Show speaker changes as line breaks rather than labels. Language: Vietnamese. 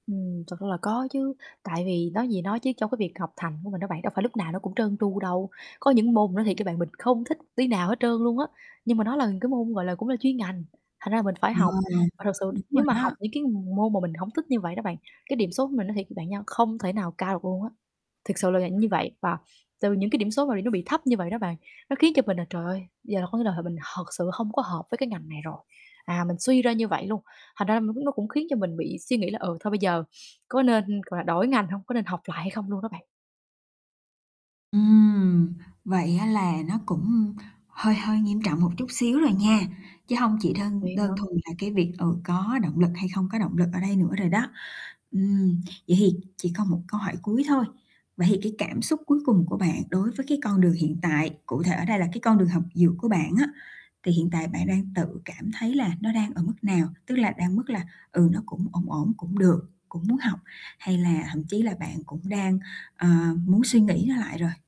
Ừm, thật ra là có chứ, tại vì nói gì nói chứ trong cái việc học thành của mình đó bạn đâu phải lúc nào nó cũng trơn tru đâu. Có những môn mình nói thiệt với bạn mình không thích tí nào hết trơn luôn á, nhưng mà nó là cái môn, gọi là, cũng là chuyên ngành, thành ra là mình phải
Ừ,
học. Và thật sự
đúng
nếu
rồi
mà học
đó.
những cái m môn mà mình hổng thích như vậy đó bạn, cái điểm số của mình nói thiệt bạn nha không thể nào cao được luôn á. Thực sự là vậy như vậy và từ những cái điểm số mà bị nó bị thấp như vậy đó bạn, nó khiến cho mình là "Trời ơi, giờ là có nghĩa là th mình thật sự không có hợp với cái ngành này rồi." À, mình suy ra như vậy luôn, thành ra nó cũng nó cũng khiến cho mình bị suy nghĩ là "Ừ, thôi bây giờ có nên, gọi là, đổi ngành hông? Có nên học lại hay không?" luôn đó bạn.
Ừm, vậy á là nó cũng hơi hơi nghiêm trọng một chút xíu rồi nha, chứ hông chỉ đơn
Vậy
đơn
hả?
thuần là cái việc, ừ, có động lực hay không có động lực ở đây nữa rồi đó. Ừm, vậy thì chỉ còn một câu hỏi cuối thôi, vậy thì cái cảm xúc cuối cùng của bạn đối với cái con đường hiện tại, cụ thể ở đây là cái con đường học dược của bạn á thì hiện tại bạn đang tự cảm thấy là nó đang ở mức nào? Tức là đang ở mức là, ừ, nó cũng ổn ổn, cũng được, cũng muốn học, hay là thậm chí là bạn cũng đang, ờ, muốn suy nghĩ nó lại rồi?